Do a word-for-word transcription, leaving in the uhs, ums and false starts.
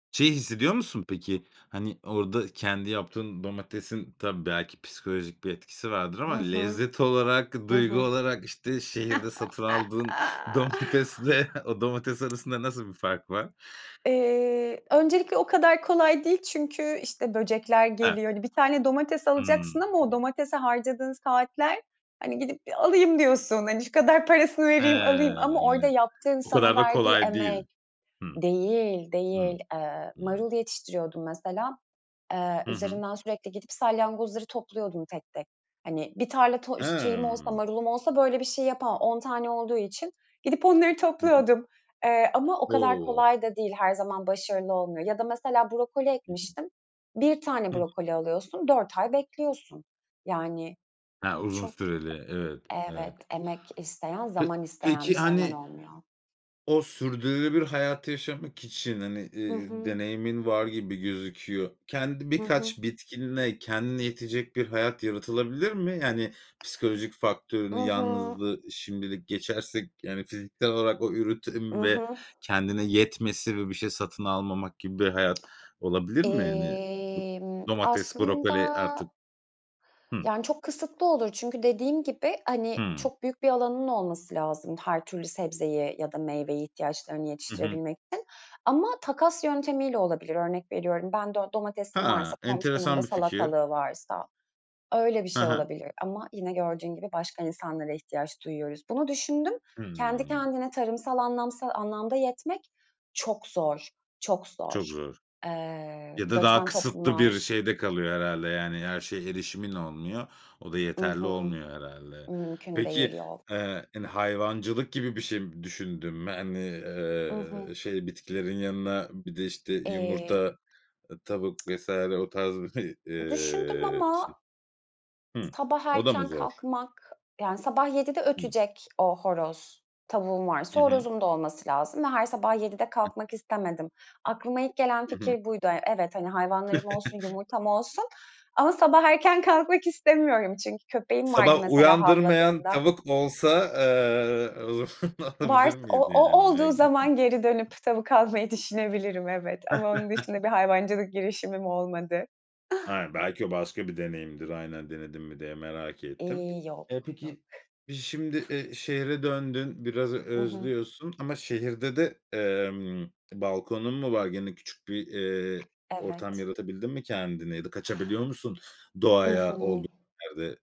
Şeyi hissediyor musun peki? Hani orada kendi yaptığın domatesin tabii belki psikolojik bir etkisi vardır ama, Hı hı. lezzet olarak Hı duygu hı. olarak işte şehirde satın aldığın domatesle o domates arasında nasıl bir fark var? Eee, öncelikle o kadar kolay değil. Çünkü işte böcekler Ha. geliyor. Hani bir tane domates alacaksın Hımm. ama o domatese harcadığın saatler. Hani gidip alayım diyorsun hani şu kadar parasını vereyim alayım ama orada He, yaptığın o sana kadar da verdiği kolay değil. emek Hı. Değil, Hı. değil. Iıı, Hı. marul yetiştiriyordum mesela. Iıı, Hı hı. üzerinden sürekli gidip salyangozları topluyordum tek tek. Hani bir tarla to şeyim olsa Hımm. marulum olsa böyle bir şey yapamam. on tane olduğu için gidip onları Hı hı. topluyordum. Eee, ama o kadar O. kolay da değil. Her zaman başarılı olmuyor ya da mesela brokoli Hı hı. ekmiştim. bir tane Hı. brokoli alıyorsun, dört ay bekliyorsun. Yani, Ha, uzun çok süreli, evet, Evet. evet. Emek isteyen Pe zaman isteyen bir peki şey hemen hani olmuyor. o sürdürülebilir hayatı yaşamak için hani, Hı ııı, hı. deneyimin var gibi gözüküyor. Kendi Hı hı. birkaç bitkinle kendine yetecek bir hayat yaratılabilir mi? Yani psikolojik I faktörünü hı. yalnızlığı şimdilik geçersek, yani fiziksel olarak o I üretim ve hı. kendine yetmesi ve bir şey satın almamak gibi bir hayat olabilir mi? Hani Emm, domates, brokoli aslında artık. Hı. Yani çok kısıtlı olur. Çünkü dediğim gibi hani Hıı. çok büyük bir alanın olması lazım her türlü sebzeyi ya da meyveyi ihtiyaçlarını Hı hı. yetiştirebilmek için. Ama takas yöntemiyle olabilir. Örnek veriyorum ben do domatesim varsa Ha, komşumun da enteresan bir fikir. salatalığı varsa, öyle bir Hı şey hı. olabilir. Ama yine gördüğün gibi başka insanlara ihtiyaç duyuyoruz. Bunu düşündüm. Kendi Hıı. kendine tarımsal anlamsal anlamda yetmek çok zor. Çok Çok zor. zor. Iıı, Ya da daha göçmen kısıtlı bir toplumlar şeyde kalıyor herhâlde yani her şeye erişimin olmuyor. O da I yeterli hı. olmuyor herhâlde. Mümkün Peki, değil, yok ııı, hani hayvancılık gibi bir şey düşündün mü? Hani, I hı. ııı, şey bitkilerin yanına bir de işte Eee yumurta, tavuk vs. o tarz, Düşündüm ııı, şey. ama Hımm. sabah O da mı erken zor? kalkmak, yani sabah yedi Hı. ötecek o horoz. Tavuğum Hı varsa hı. horozum da olması lazım ve her sabah yedi Hı. kalkmak istemedim. Aklıma ilk gelen Hı hı. fikir buydu. E evet hani hayvanlarım olsun, yumurtam olsun ama sabah erken kalkmak istemiyorum. çünkü köpeğim vardı Sabah mesela uyandırmayan havladığında tavuk olsa, ııı, o zaman alabilir Vars o miydin o yani? olduğu [unintelligible] zaman geri dönüp tavuk almayı düşünebilirim evet ama onun dışında bir hayvancılık girişimim olmadı. Aynen, belki o başka bir deneyimdir. Aynen, denedin mi diye merak ettim. İii, Eee, yok, yok. peki biz şimdi, ııı, şehre döndün biraz I hı. özlüyorsun. Ama şehirde de, emm, balkonun mu var? Gene küçük bir, eee, ortam Evet. yaratabildin mi kendine ya da kaçabiliyor musun I doğaya hı. olduğun yerde?